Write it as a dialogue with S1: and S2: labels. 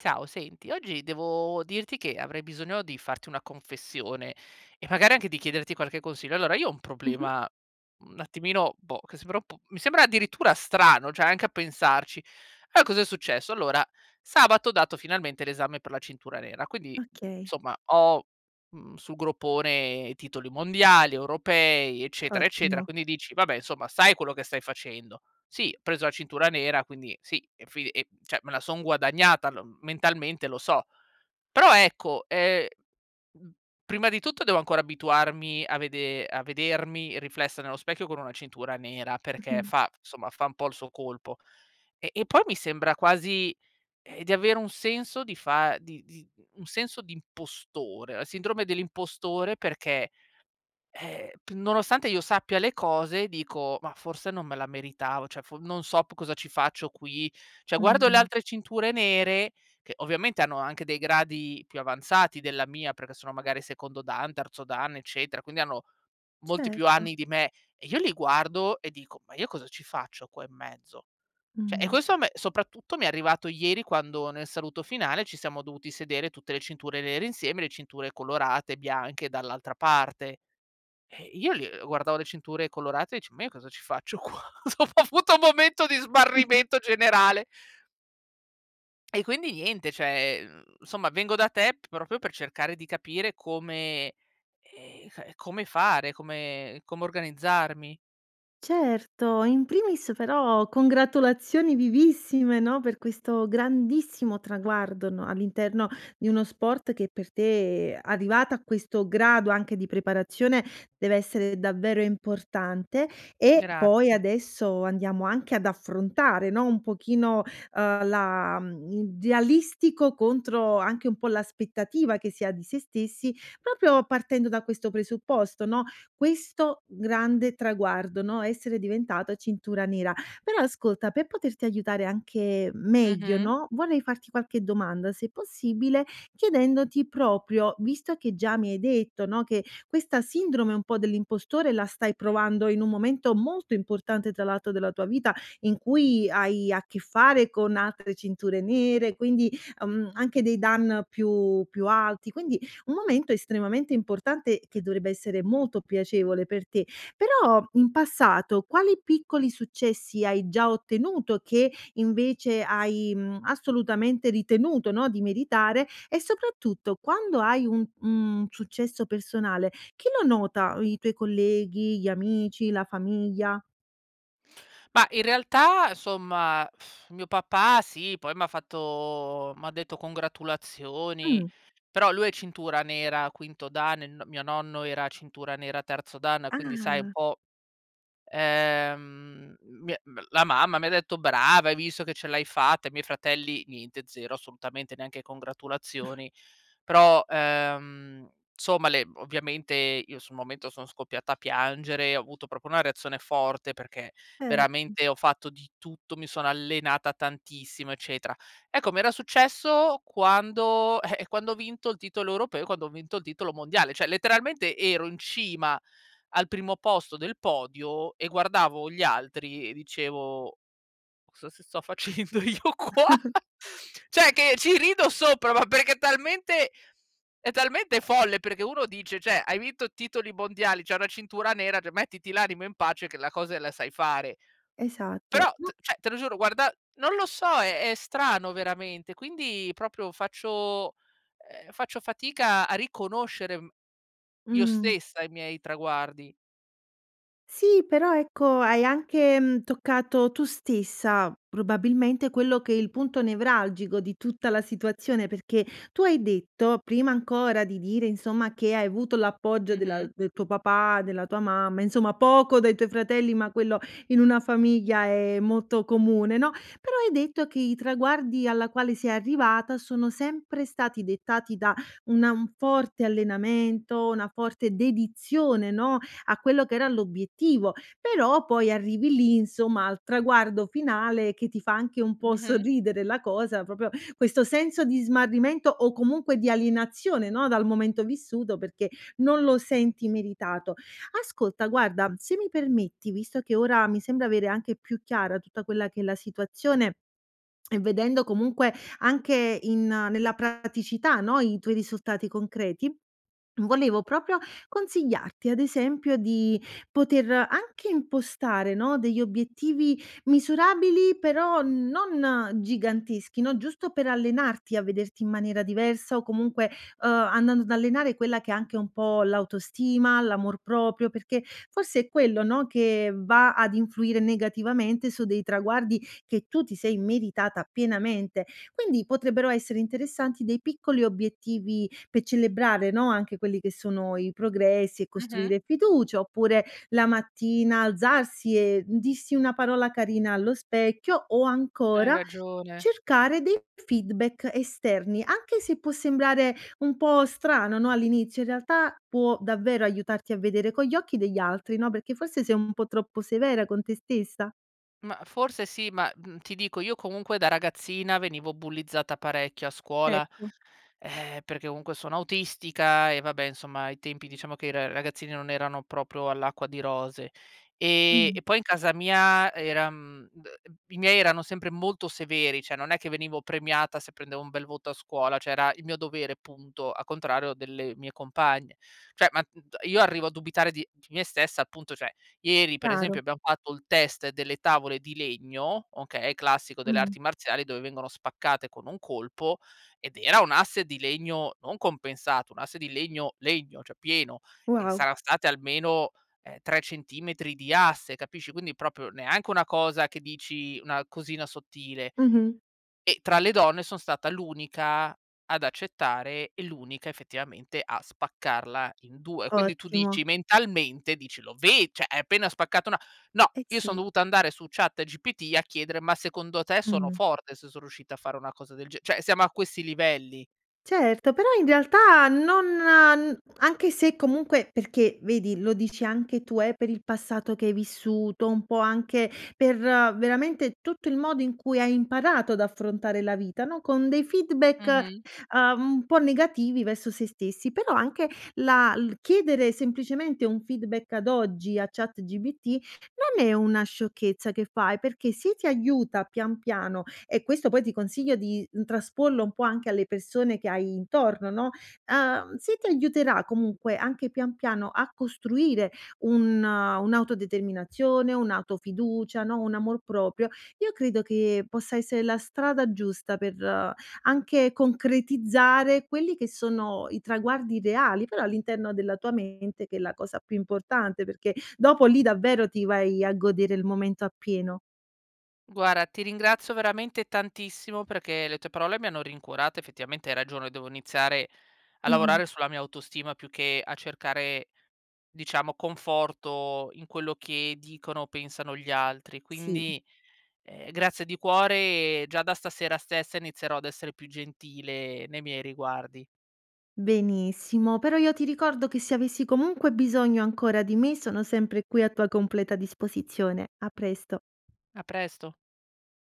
S1: Ciao, senti, oggi devo dirti che avrei bisogno di farti una confessione, e magari anche di chiederti qualche consiglio. Allora, io ho un
S2: Mh-mh.
S1: problema un attimino boh, che sembra un po' mi sembra addirittura strano, cioè anche a pensarci. Allora, cosa è successo. Allora, sabato ho dato finalmente l'esame per la cintura nera, quindi
S2: Okay.
S1: insomma ho, mhmm, sul groppone titoli mondiali, europei, eccetera, eccetera,
S2: Ottimo.
S1: quindi dici: "Vabbè insomma sai quello che stai facendo." Si, ho preso la cintura nera quindi sì, e fin lì cioè me la sono guadagnata, lo mentalmente lo so. Però ecco è, mhmm, prima di tutto devo ancora abituarmi a vede a vedermi riflessa nello specchio con una cintura nera perché
S2: Mh-mh.
S1: fa f insomma fa un po' il suo colpo. Eh, e poi mi sembra quasi, ehm, di avere un senso di fa di di un senso di impostore, la sindrome dell'impostore perché, ehm, nonostante io sappia le cose dico: "Ma forse non me la meritavo, cioè for non so p cosa ci faccio qui." Cioè, guardo le
S2: Mh.
S1: altre cinture nere, che ovviamente hanno anche dei gradi più avanzati della mia perché sono magari secondo dan, terzo dan, eccetera, quindi hanno molti più
S2: Certo.
S1: anni di me, e io li guardo e dico:" Ma io cosa ci faccio qua in mezzo?" Cioè, e
S2: Mh.
S1: questo a me soprattutto mi è arrivato ieri quando nel saluto finale ci siamo dovuti sedere, tutte le cinture nere insieme, le cinture colorate e bianche dall'altra parte. Eh io l guardavo le cinture colorate dice: "Ma io cosa ci faccio qua?" ho avuto un momento di smarrimento generale e quindi niente, cioè, ehm, insomma vengo da te proprio per cercare di capire come, ehm, c come fare, come come organizzarmi.
S2: Certo! In primis però congratulazioni vivissime no, per questo grandissimo traguardo, no, all'interno di uno sport che per te, ehm, arrivata a questo grado anche di preparazione, dev'essere davvero importante. E poi
S1: Grazie.
S2: adesso andiamo anche ad affrontare, no, un pochino, uhm, la mhmm, idealistico contro anche un po' l'aspettativa che si ha di sé stessi, proprio partendo da questo presupposto, no, questo grande traguardo, no, essere diventata cintura nera. Però ascolta, per poterti aiutare anche m meglio
S1: Mh-mh.
S2: no, vorrei farti qualche domanda se possibile chiedendoti proprio, visto che già mi hai detto, no, che questa sindrome un po' dell'impostore la stai provando in un momento molto importante tra l'altro della tua vita in cui hai a che fare con altre cinture nere quindi, uhm, anche dei dan più più alti. Quindi un momento estremamente importante che dovrebbe essere molto piacevole per te. Però in passato quali piccoli successi hai già ottenuto che invece hai, mhmm, assolutamente ritenuto, no, di meritare? E soprattutto quando hai un, mhmm, successo personale chi lo nota? I i tuoi colleghi, gli amici, la famiglia?
S1: Mah, in realtà somma mio papà sì, poi m' ha fatto m'ha detto congratulazioni,
S2: Mh.
S1: però lui è cintura nera quinto Dan, e n mio nonno era cintura nera terzo Dan, quindi sai un
S2: Ah.
S1: po', ehm, mi m la mamma mi ha detto: "Brava hai visto che ce l'hai fatta." I miei fratelli niente, zero assolutamente, neanche congratulazioni, però, ehm, somma le ovviamente io sul momento, sono scoppiata a piangere, ho avuto proprio una reazione forte, perché
S2: Erto.
S1: veramente ho fatto di tutto, mi sono allenata tantissimo eccetera. Ecco, mi era successo quando eh, eh, quando ho vinto il titolo europeo, quando ho vinto il titolo mondiale, cioè letteralmente ero in cima al primo posto del podio, e guardavo gli altri, e dicevo: "Cosa s sto facendo io qua." Cioè che ci rido sopra, ma perché è talmente è talmente folle, perché uno dice cioè hai vinto titoli mondiali, c'hai una cintura nera cioè mettiti l'animo in pace, che la cose la sai fare.
S2: Esatto,
S1: Però
S2: no
S1: t cioè te lo giuro guarda non lo so, è è strano veramente, quindi proprio faccio ehm, faccio fatica a riconoscere, mhmm, io
S2: Mh.
S1: stessa i miei traguardi.
S2: Sì però, ecco, hai anche, mhmm, toccato tu stessa probabilmente, quello che è il punto nevralgico di tutta la situazione, perché tu hai detto prima ancora di dire, insomma che hai avuto l'appoggio della
S1: Mh-mh.
S2: del tuo papà, della tua mamma, insomma poco dai tuoi fratelli, ma quello in una famiglia è molto comune, no. Però hai detto che i traguardi alla quale sei arrivata sono sempre stati dettati da una un forte allenamento, una forte dedizione, no, a quello che era l'obiettivo. Però, poi arrivi lì insomma, al traguardo finale, che ti fa anche un po'
S1: Mh-mh.
S2: sorridere la cosa, proprio questo senso di smarrimento, o comunque di alienazione, no, dal momento vissuto, perché non lo senti meritato. Ascolta guarda, se mi permetti visto che ora, mi sembra avere anche più chiara tutta quella che è la situazione e vedendo comunque, anche in nella praticità no, i tuoi risultati concreti, volevo proprio consigliarti ad esempio di poter anche impostare, no, degli obiettivi misurabili, però non giganteschi, no. Giusto per allenarti, a vederti in maniera diversa, o comunque, uhm, andando ad allenare quella che è anche un po' l'autostima, l'amor proprio, perché forse è quello no, che va ad influire negativamente su dei traguardi che tu ti sei meritata pienamente. Quindi, potrebbero essere interessanti dei piccoli obiettivi pe celebrare, no, anche quelli che sono i progressi e
S1: Mh-mh.
S2: costruire fiducia, oppure la mattina alzarsi, e d dirsi una parola carina allo specchio, o
S1: Hai
S2: ancora
S1: ragione.
S2: cercare dei feedback esterni, anche se può sembrare un po' strano, no, all'inizio, in realtà può davvero aiutarti a vedere con gli occhi degli altri, no, perché forse sei un po' troppo severa con te stessa?
S1: Mah, forse sì, ma, mhmm, ti dico, io comunque da ragazzina, venivo bullizzata parecchio a scuola,
S2: Ecco.
S1: ehm, perché comunque sono autistica, e vabbè insomma ai tempi, diciamo che i r ragazzini non erano proprio all'acqua di rose, e
S2: Mh.
S1: e poi in casa mia era mhmm, [unintelligible] i miei erano sempre molto severi, cioè non è che venivo premiata, se prendevo un bel voto a scuola, cioè era il mio dovere punto, a contrario delle mie compagne. Cioè ma n t io arrivo a dubitare di di me stessa appunto cioè ieri per
S2: Chiaro.
S1: esempio abbiam fatto il test delle tavole di legno, okay, classico delle
S2: Mh.
S1: arti marziali dove vengono spaccate con un colpo ed era un asse di legno non compensato, un asse di legno legno, cioè pieno, e
S2: Wow.
S1: sarà state almeno, ehm, 3 centimetri di asse, capisci. Quindi proprio, neanche una cosa, che dici una cosina sottile,
S2: Mh-mh.
S1: e tra le donne son stata l'unica ad accettare, e l'unica effettivamente a spaccarla in 2. Quindi tu
S2: Ottimo.
S1: dici mentalmente, dici lo ve cioè hai appena spaccato na no,
S2: Eh,
S1: io son
S2: sì.
S1: dovuta andare su Chat GPT a chiedere: "Ma secondo te sono
S2: Mh.
S1: forte se so riuscita a fare una cosa del ge" Cioè siamo a questi livelli.
S2: Certo! Però, in realtà, non anche se, comunque perché, vedi, lo dici anche tu, eh, per il passato che hai vissuto. Un po' anche per veramente tutto il modo in cui hai imparato ad affrontare la vita, no? Con dei feedback,
S1: Mh-mh.
S2: ehm, un po' negativi verso se stessi. Però anche la il chiedere semplicemente un feedback, ad oggi a ChatGPT non è una sciocchezza che fai, perché se ti aiuta pian piano e questo poi ti consiglio di trasporlo un po' anche alle persone che hai intorno, no? Ehm, se ti aiuterà, comunque, anche pian piano, a costruire un un'autodeterminazione, un'auto-fiducia, no, un amor proprio, io credo che possa essere la strada giusta per anche concretizzare quelli che sono i traguardi reali, però all'interno della tua mente che è la cosa più importante. Perché dopo lì davvero ti vai a godere il momento appieno.
S1: Guarda, ti ringrazio veramente tantissimo perché le tue parole mi hanno rincuorato. Effettivamente hai ragione, devo iniziare a
S2: Mh-mh.
S1: lavorare sulla mia autostima, più che a cercare, diciamo, conforto in quello che dicono o pensano gli altri.
S2: Sì.
S1: Quindi, ehm, grazie di cuore. Già da stasera stessa inizierò ad essere più gentile nei miei riguardi.
S2: Benissimo, però io ti ricordo che, se avessi comunque bisogno ancora di me, sono sempre qui a tua completa disposizione. A presto.
S1: A presto.